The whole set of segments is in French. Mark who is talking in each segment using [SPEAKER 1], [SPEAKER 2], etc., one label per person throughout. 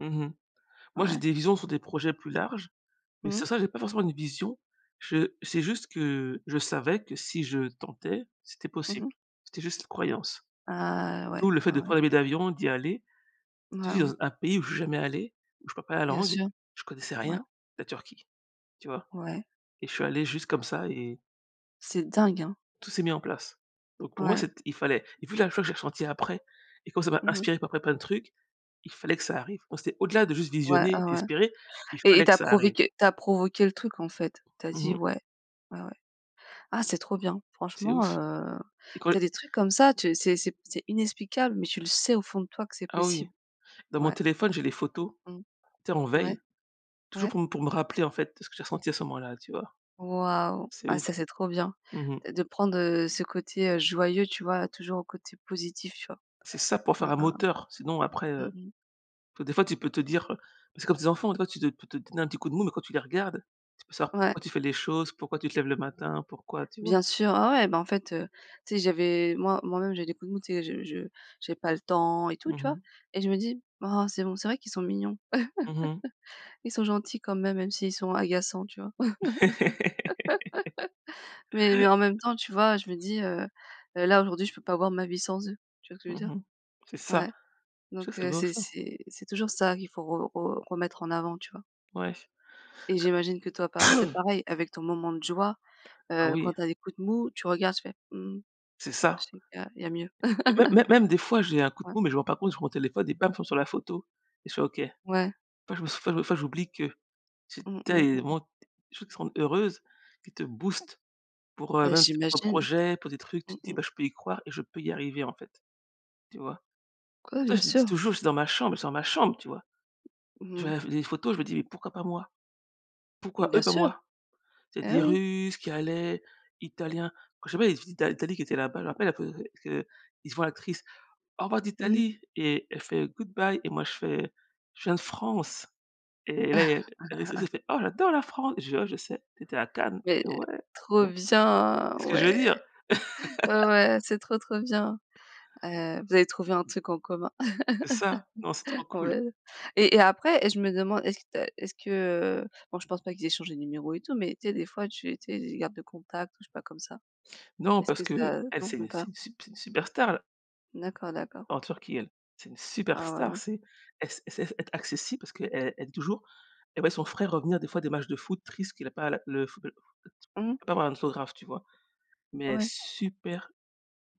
[SPEAKER 1] Mmh mh, moi, j'ai
[SPEAKER 2] Ouais.
[SPEAKER 1] des visions sur des projets plus larges, mais sans
[SPEAKER 2] Mmh.
[SPEAKER 1] ça, j'ai pas forcément une vision je c'est juste que je savais que si je tentais, c'était
[SPEAKER 2] Mmh
[SPEAKER 1] possible.
[SPEAKER 2] mh.
[SPEAKER 1] C'était juste une croyance.
[SPEAKER 2] Ah,
[SPEAKER 1] D'où
[SPEAKER 2] ouais,
[SPEAKER 1] le fait
[SPEAKER 2] ouais,
[SPEAKER 1] de
[SPEAKER 2] ouais.
[SPEAKER 1] prendre un billet d'avion, d'y aller. Dire
[SPEAKER 2] Waouh.
[SPEAKER 1] z un pays où je suis jamais allé, où je parle pas la
[SPEAKER 2] Bien
[SPEAKER 1] langue,
[SPEAKER 2] sûr,
[SPEAKER 1] je ne connaissais
[SPEAKER 2] ouais.
[SPEAKER 1] rien la Turquie, tu vois?
[SPEAKER 2] Ouais.
[SPEAKER 1] Et je suis allé juste comme ça et
[SPEAKER 2] C'est dingue, hein?
[SPEAKER 1] tout s'est mis en place, donc pour moi,
[SPEAKER 2] Ouais.
[SPEAKER 1] c'ét il fallait et vu la joie que j'ai ressenti après, et comme ça m'a
[SPEAKER 2] Mmh mh.
[SPEAKER 1] inspiré pour après plein de trucs, il fallait que ça arrive. Moi, c'était au-delà de juste
[SPEAKER 2] Ouais, oh
[SPEAKER 1] visionner,
[SPEAKER 2] ouais,
[SPEAKER 1] espérer, il
[SPEAKER 2] et- et
[SPEAKER 1] fallait
[SPEAKER 2] tu
[SPEAKER 1] que
[SPEAKER 2] as
[SPEAKER 1] ça
[SPEAKER 2] prouvé
[SPEAKER 1] arrive.
[SPEAKER 2] que tu as provoqué le truc en fait. Tu as
[SPEAKER 1] Mmh
[SPEAKER 2] dit:
[SPEAKER 1] mh.
[SPEAKER 2] «Ouais, ouais, ouais». Ah c'est trop bien.
[SPEAKER 1] C'est
[SPEAKER 2] Franchement,
[SPEAKER 1] ouche,
[SPEAKER 2] heu,
[SPEAKER 1] et quand
[SPEAKER 2] tu as des trucs comme ça, tu c'est c'est p c'est inexplicable, mais tu le sais au fond de toi que c'est
[SPEAKER 1] Ah oui,
[SPEAKER 2] possible.
[SPEAKER 1] dans mon
[SPEAKER 2] Ouais.
[SPEAKER 1] téléphone j'ai les photos,
[SPEAKER 2] Mmh.
[SPEAKER 1] tu sais en
[SPEAKER 2] Ouais.
[SPEAKER 1] veille, toujours
[SPEAKER 2] Ouais.
[SPEAKER 1] pour me pour me rappeler en fait de ce que j'ai ressenti à ce moment-là, tu vois?
[SPEAKER 2] Waouh,
[SPEAKER 1] C'est
[SPEAKER 2] ah,
[SPEAKER 1] ouf.
[SPEAKER 2] ça c'est trop bien
[SPEAKER 1] Mmh mh.
[SPEAKER 2] de de prendre, heu, ce côté, heu, joyeux, tu vois? Toujours au côté positif, tu vois?
[SPEAKER 1] C'est ça, pour faire
[SPEAKER 2] Hein,
[SPEAKER 1] un
[SPEAKER 2] hein, hein,
[SPEAKER 1] moteur sinon après, heu,
[SPEAKER 2] mmh mh.
[SPEAKER 1] parce que des fois tu peux te dire, bah, c'est comme tes enfants tu vois? Tu te tu te donne un petit coup de mou mais quand tu les regardes, tu peux savoir
[SPEAKER 2] Ouais.
[SPEAKER 1] pourquoi tu fais les choses, pourquoi tu te lèves le matin, pourquoi tu vois?
[SPEAKER 2] Bien sûr, ah ouais, bah, en fait, heu, tu sais j'avais moi moi-même j'ai eu des coups de mou, tu sais, je je j'ai pas le temps et tout,
[SPEAKER 1] Mmh
[SPEAKER 2] tu vois?
[SPEAKER 1] mh.
[SPEAKER 2] Et je me dis: «Oh c'est bon, c'est vrai qu'ils sont mignons.
[SPEAKER 1] Mmh mh.
[SPEAKER 2] Ils sont gentils quand même, même s'ils sont agaçants», tu vois? Mais mais en même temps, tu vois? Je me dis, heu heu: «Là, aujourd'hui, je peux pas voir ma vie sans eux», tu vois ce je veux dire?
[SPEAKER 1] Mmh mh. C'est ça,
[SPEAKER 2] Ouais,
[SPEAKER 1] ça
[SPEAKER 2] donc
[SPEAKER 1] c'est
[SPEAKER 2] heu,
[SPEAKER 1] beau
[SPEAKER 2] c'est
[SPEAKER 1] ça.
[SPEAKER 2] c'est c'est toujours sa vie, faut re re remettre en avant, tu vois?
[SPEAKER 1] Ouais.
[SPEAKER 2] Et j'imagine que toi, pa c'est pareil avec ton moment de joie.
[SPEAKER 1] Ah
[SPEAKER 2] Heu,
[SPEAKER 1] oui.
[SPEAKER 2] quand tu as des coups de mou, tu regardes, tu fais: «Mmh,
[SPEAKER 1] C'est
[SPEAKER 2] je
[SPEAKER 1] ça.
[SPEAKER 2] sais qu'il y a il y a mieux».
[SPEAKER 1] Mé mé même des fois j'ai un coup de
[SPEAKER 2] Ouais.
[SPEAKER 1] mou, mais je me rends par contre sur mon téléphone et bam, je tombe sur la photo et je fais: «OK». Des
[SPEAKER 2] Ouais.
[SPEAKER 1] fois, je me sens enfin, des fois j'oublie que c'est
[SPEAKER 2] Mmh mh mmh.
[SPEAKER 1] tellement des choses qui te rendent heureuse, qui te boostent pour, heu,
[SPEAKER 2] Ah
[SPEAKER 1] même, tu sais, pour un
[SPEAKER 2] j'imagine.
[SPEAKER 1] projet, pour des trucs,
[SPEAKER 2] Mmh
[SPEAKER 1] tu te dis:
[SPEAKER 2] mh.
[SPEAKER 1] «Bah, je peux y croire et je peux y arriver en fait», tu vois?
[SPEAKER 2] Quoi?
[SPEAKER 1] C'est pour
[SPEAKER 2] Bien
[SPEAKER 1] ça, je me dit
[SPEAKER 2] sûr!
[SPEAKER 1] toujours: «Je suis dans ma chambre, je suis dans ma chambre», tu vois? Je
[SPEAKER 2] Mmh.
[SPEAKER 1] regarde les les photos, je me dis: «Mais pourquoi pas moi? Pourquoi
[SPEAKER 2] Bien
[SPEAKER 1] eux, pas
[SPEAKER 2] sûr,
[SPEAKER 1] moi?». C'est
[SPEAKER 2] eh
[SPEAKER 1] des
[SPEAKER 2] oui!
[SPEAKER 1] Russes qui allaient, Italiens quand, je sais pas, les visites d'A d'Italie qui étaient là-bas, je me rappelle à que que ils se voient actrices, «Au revoir
[SPEAKER 2] Mmh.
[SPEAKER 1] d'Italie» et elle fait: «Good bye» et moi je fais: «Je viens de France», et là, il y a l'actrice, elle fait: «Oh, j'adore la France!» je dis: «Oh, je sais, tu étais à Cannes».
[SPEAKER 2] Mais
[SPEAKER 1] Elle fait: «Ouais», tu
[SPEAKER 2] trop
[SPEAKER 1] vois?
[SPEAKER 2] bien,
[SPEAKER 1] Tu sais ce que je veux
[SPEAKER 2] ouais,
[SPEAKER 1] dire.
[SPEAKER 2] ouais ouais, c'est trop trop bien. Heu, vous avez trouvé un truc en commun.
[SPEAKER 1] C'est ça, non, c'est trop cool.
[SPEAKER 2] Ouais, et et après et je me demande est-ce qu'il t' a est-ce que bon, je pense pas qu'ils aient changé de numéro et tout, mais tu sais des fois tu étais ils gardent le contact ou je sais pas comme ça.
[SPEAKER 1] Non,
[SPEAKER 2] Est-ce
[SPEAKER 1] parce
[SPEAKER 2] que
[SPEAKER 1] qu'elle,
[SPEAKER 2] ça non,
[SPEAKER 1] c'est
[SPEAKER 2] même
[SPEAKER 1] c'est
[SPEAKER 2] pas?
[SPEAKER 1] c'est une superstar, la
[SPEAKER 2] D'accord, d'accord.
[SPEAKER 1] En Turquie, elle, c'est une
[SPEAKER 2] Ah, ouais,
[SPEAKER 1] superstar.
[SPEAKER 2] ouais.
[SPEAKER 1] C'est elle se elle sait être accessible parce qu'elle elle dit toujours, elle voyait son frère revenir des fois des matchs de foot triste qu'il a pas à la le foo
[SPEAKER 2] Mmh.
[SPEAKER 1] par un autographe, tu vois? Mais elle est
[SPEAKER 2] Ouais.
[SPEAKER 1] super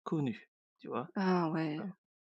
[SPEAKER 1] connue, tu vois?
[SPEAKER 2] Ah, ouais.
[SPEAKER 1] Voilà.